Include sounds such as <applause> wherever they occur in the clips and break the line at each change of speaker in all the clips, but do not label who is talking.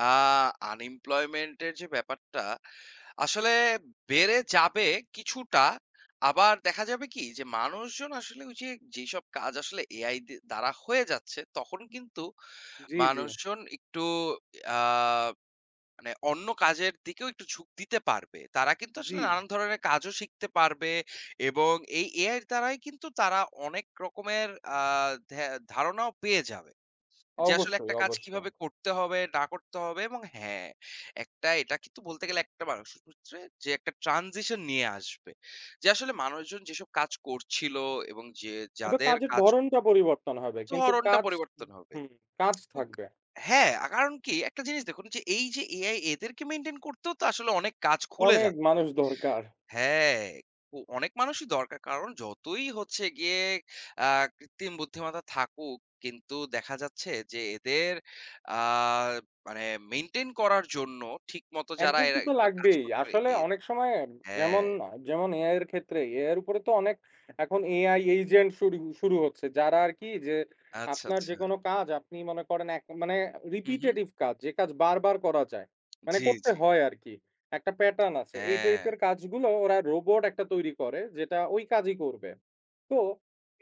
আ unemployment এর যে ব্যাপারটা আসলে বেড়ে যাবে কিছুটা। আবার দেখা যাবে কি? যে মানুষজন আসলে ওইযে যেসব কাজ আসলে AI দি দ্বারা হয়ে যাচ্ছে তখন কিন্তু
জ্বি, জ্বি।
মানুষজন একটু আ মানে অন্য কাজের দিকেও একটু ঝুঁক দিতে পারবে। তারা কিন্তু আসলে
জ্বি।
নানান ধরনের কাজও শিখতে পারবে এবং এই AI-র দ্বারাই কিন্তু তারা অনেক রকমের আ ধে ধারণাও পেয়ে যাবে। যে আসলে
অবশ্যই,
একটা কাজ
অবশ্যই।
কিভাবে করতে হবে না করতে হবে এবং হ্যাঁ, একটা এটা কিন্তু বলতে গেলে যে একটা মানুষের ক্ষেত্রে যে একটা ট্রানজিশন নিয়ে আসবে। যে আসলে মানুষজন যেসব কাজ করছিল এবং যে
হয়তো
যাদের
কাজের
কাজ
ধরনটা পরিবর্তন হবে। কিন্তু
ধরণটা
কাজ
পরিবর্তন
হুম
হবে।
হুম কাজ
<clicks tongue> উক
থাকবে।
হ্যাঁ, আ কারণ কি? একটা জিনিস দেখুন এই যে AI এদেরকে মেইনটেইন করতেও তো আসলে অনেক কাজ খুলে
অনেক
যাচ্ছে।
মানুষ দরকার।
হ্যাঁ, উ অনেক মানুষই দরকার। কারণ যতই হচ্ছে গিয়ে আ কৃত্রিম বুদ্ধিমত্তা থাকুক কিন্তু দেখা যাচ্ছে যে এদের আ মানে মেইনটেইন করার জন্য ঠিকমতো যারা
একজনকে
এরা
তো
এগুলো কাজ
লাগবেই।
করে পারে
আসলে
এদ
অনেক সময় যেমন
হ্যাঁ।
যেমন AI-র ক্ষেত্রেই। AI -র উপরে তো অনেক এখন AI এজেন্ট শুরু শুরু হচ্ছে। যারা আরকি যে
আচ্ছা,
আপনার
আচ্ছা।
যেকোনো কাজ আপনি মনে করেন এক মানে
হুম, হুম।
রিপিটেটিভ কাজ যে কাজ বারবার করা যায়, মানে
জ্বি,
করতে
জ্বি।
হয় আরকি, একটা প্যাটার্ন আছে। এই
হ্যাঁ।
টাইপের কাজগুলো ওরা রোবট একটা তৈরি করে যেটা ওই কাজই করবে। তো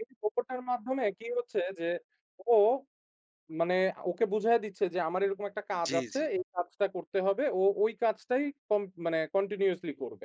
এই রোবটের মাধ্যমে কি হচ্ছে? যে ও মানে ওকে বুঝায়ে দিচ্ছে যে আমার এরকম একটা কাজ
জ্বি,
আছে
জ্বি।
এই কাজটা করতে হবে, ও ওই কাজটাই কম মানে কন্টিনিউয়াসলি করবে।